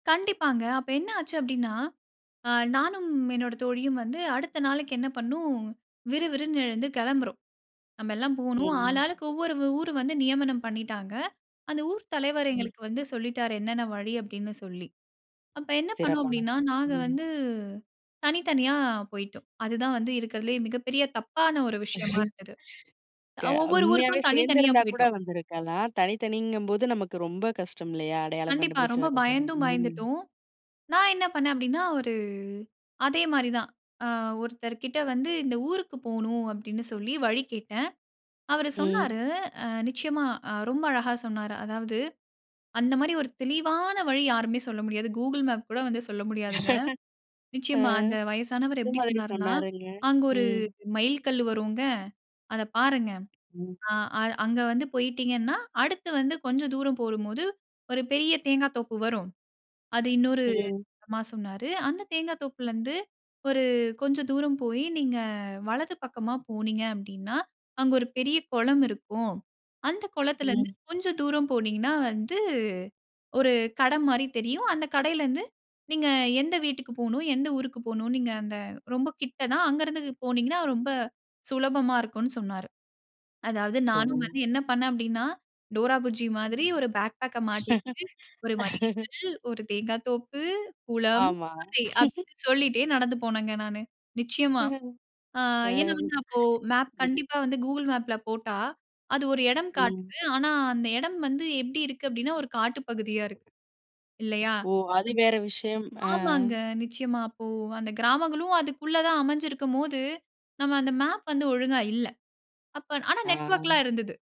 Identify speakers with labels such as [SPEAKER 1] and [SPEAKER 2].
[SPEAKER 1] கண்டிப்பாங்க. அப்ப என்ன ஆச்சு அப்டீன்னா, அ நானும் என்னோட தோழியும் வந்து அடுத்த நாளைக்கு என்ன பண்ணோம், விறுவிறுன்னு எழுந்து கெளம்புறோம். நம்மெல்லாம் போகணும்,
[SPEAKER 2] ம்.
[SPEAKER 1] ஆளாளுக்கு ஒவ்வொரு வ ஊரு வந்து நியமனம் பண்ணீட்டாங்க. அந்த ஊர் தலைவர்
[SPEAKER 2] ம்.
[SPEAKER 1] எங்களுக்கு வந்து சொல்லிட்டாரு. என்னன்ன வழி அப்படீன்னு சொல்லி. அப்ப என்ன பண்ணோம்
[SPEAKER 2] சிறப்பான
[SPEAKER 1] அப்படீன்னா,
[SPEAKER 2] விஷயம்.
[SPEAKER 1] நாங்க
[SPEAKER 2] ம்.
[SPEAKER 1] வந்து தனித்தனியா போய்ட்டோம். அதுதான் வந்து இருக்கறதுலே மிகப்பெரிய தப்பான ஒரு விஷயமா இருந்தது.
[SPEAKER 2] க
[SPEAKER 1] அ ஒவ்வொரு
[SPEAKER 2] உண்மையாவே
[SPEAKER 1] ஊருக்கும் தனித்தனியா
[SPEAKER 2] சேர்ந்திருந்தா கூட
[SPEAKER 1] போய்ட்டோம்.
[SPEAKER 2] வந்திருக்கலாம். தனித்தனிங்கம்போது நமக்கு ரொம்ப கஷ்டம் இல்லையா? அடையாளம்
[SPEAKER 1] கண்டிப்பா.
[SPEAKER 2] கண்டுபிடிச்சு
[SPEAKER 1] ரொம்ப
[SPEAKER 2] வரதுன்னு.
[SPEAKER 1] பயந்தும்
[SPEAKER 2] ம்.
[SPEAKER 1] பயந்துட்டோம். நான் என்ன பண்ணேன் அப்படீன்னா, ஒரு அதே மாரி தான், அ ஒருத்தர் கிட்ட வந்து "இந்த ஊருக்கு போகணும்"அப்படீன்னு சொல்லி வழி கேட்டேன். அவரு
[SPEAKER 2] ம்.
[SPEAKER 1] சொன்னாரு, அ நிச்சயமா, ரொம்ப அழகா சொன்னாரு. அதாவது அந்த மாரி ஒரு தெளிவான வழி யாருமே சொல்ல முடியாது. கூகிள் மேப் கூட வந்து சொல்ல முடியாதுங்க.
[SPEAKER 2] அ.
[SPEAKER 1] நிச்சயமா அந்த வயசானவர் எப்படி
[SPEAKER 2] எதுமாதிரி
[SPEAKER 1] சொன்னார்ன்னா,
[SPEAKER 2] சொன்னாருங்க?
[SPEAKER 1] அங்க 1
[SPEAKER 2] ம்.
[SPEAKER 1] மைல் கல்லு வருங்க, அத பாருங்க.
[SPEAKER 2] ம்.
[SPEAKER 1] ஆ, அ அங்க வந்து போயிட்டீங்கன்னா, அடுத்து வந்து கொஞ்சம் தூரம் போகும் போது, 1 பெரிய தேங்கா தோப்பு வரும். அது இன்னொரு
[SPEAKER 2] ம்
[SPEAKER 1] மா சொன்னாரு. அந்த தேங்கா தோப்புலருந்து ஒரு கொஞ்சம் தூரம் போயி நீங்க வலது பக்கமா போனீங்க அப்படீன்னா, அங்க 1 பெரிய கொளம் இருக்கும். அந்த குளத்துலருந்து
[SPEAKER 2] ம்.
[SPEAKER 1] கொஞ்சம் தூரம் போனீங்கன்னா வந்து, 1 கடை மாரி தெரியும். அந்த கடையிலருந்து நீங்க எந்த வீட்டுக்கு போகணும், எந்த ஊருக்கு போகணும்ன்னு, நீங்க அந்த ரொம்ப கிட்ட தான். அங்கருந்து போனீங்கன்னா ரொம்ப சுலபமா இருக்கும்ன்னு சொன்னாரு. அதாவது
[SPEAKER 2] ஓ!
[SPEAKER 1] நானும் வந்து என்ன பண்ணேன் அப்டீன்னா, டோரா புஜ்ஜி மாதிரி 1 பேக் பேக்க மாட்டிட்டு, "1 மைல் கல், 1 தேங்கா தோப்பு, குளம்,
[SPEAKER 2] ஆமா.
[SPEAKER 1] கடை" அப்படீன்னு சொல்லிட்டே நடந்து போனேங்க நானு, நிச்சயமா. அ ஏன்னா
[SPEAKER 2] அம். ம்.
[SPEAKER 1] வந்து, அப்போ மேப் கண்டிப்பா வந்து கூகுள் மேப்ல போட்டா, அது 1 எடம்
[SPEAKER 2] ம்.
[SPEAKER 1] காட்டுது. ஆனா, அந்த எடம் வந்து எப்படி இருக்கு அப்படீன்னா, 1 காட்டு பகுதியா இருக்கு. இல்லையா?
[SPEAKER 2] ஓ! அது வேற விஷயம். அ.
[SPEAKER 1] [unintelligible] ஆமாங்க. நிச்சயமா. அப்போ அந்த கிராமங்களும் அதுக்குள்ள தான் அமைஞ்சிருக்கும்போது, நம்ம அந்த மேப் வந்து ஒழுங்கா இல்ல. அப்ப ஆனா
[SPEAKER 2] ஆ.
[SPEAKER 1] நெட்வொர்க்ல்லாம் இருந்தது.